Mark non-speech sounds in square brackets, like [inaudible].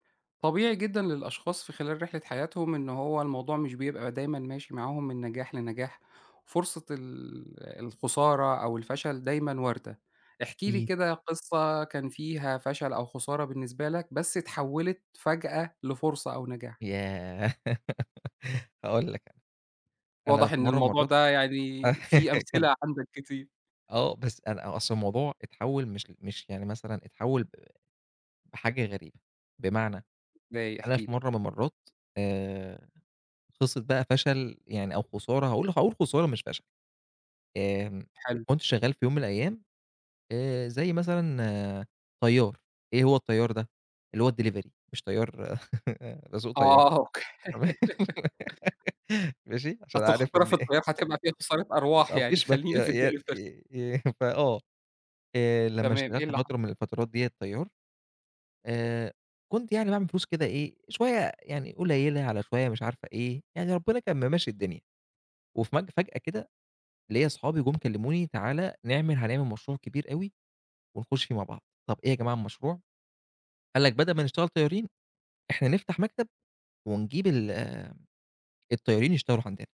طبيعي جدًا للأشخاص في خلال رحلة حياتهم إنّه هو الموضوع مش بيبقى دايمًا ماشي معاهم من نجاح لنجاح، فرصة ال الخسارة أو الفشل دايمًا واردة، احكِ لي أكيد. كده قصّة كان فيها فشل أو خسارة بالنسبة لك بس اتحولت فجأة لفرصة أو نجاح. ياه! [laughs] هاقول لك أنا، واضح في إن مرّة من الموضوع المرّات ده يعني في [laughs] كان أمثلة عندك كتير. آه، بس أنا أصلًا الموضوع اتحول مش مش يعني مثلًا اتحول ب بحاجة غريبة، بمعنى إزاي؟ أنا احكِ في لي. مرّة من المرّات آآ، قصّة بقى فشل يعني أو خسارة هاقول هاقول خسارة مش فشل. آمم، حلو. كنت شغّال في يوم من الأيام آآ، زي مثلًا طيار إيه هو الطيار ده اللي هو الديليفري مش طيار [chuckles] باسوق طيارة آه، أوكي. تمام، [laughs] [giggles] ماشي عشان أصل عارف الخطورة إن في إيه الطيارة هتبقى فيها خسارة أرواح ما يعني فيش م ي خلّينا في ي آآ، الدليفري آآ [chuckles] فآه آآ، لمّا تمام إيه اشتغلت اللي حصل؟ فترة من الفترات ديّة طيار آآ، كنت يعني باعمل فلوس كده إيه شويّة يعني قليلة على شويّة مش عارفة إيه يعني ربنا كان ممشّي الدنيا، وفج فجأة كده ليّا صحابي جُم كلموني تعالَ نعمل هنعمل مشروع كبير أوي ونخش فيه مع بعض، طَب إيه يا جماعة المشروع. قال لك بدل ما نشتغل طيارين، إحنا نفتح مكتب ونجيب ال آآ الطيارين يشتغلوا عندنا.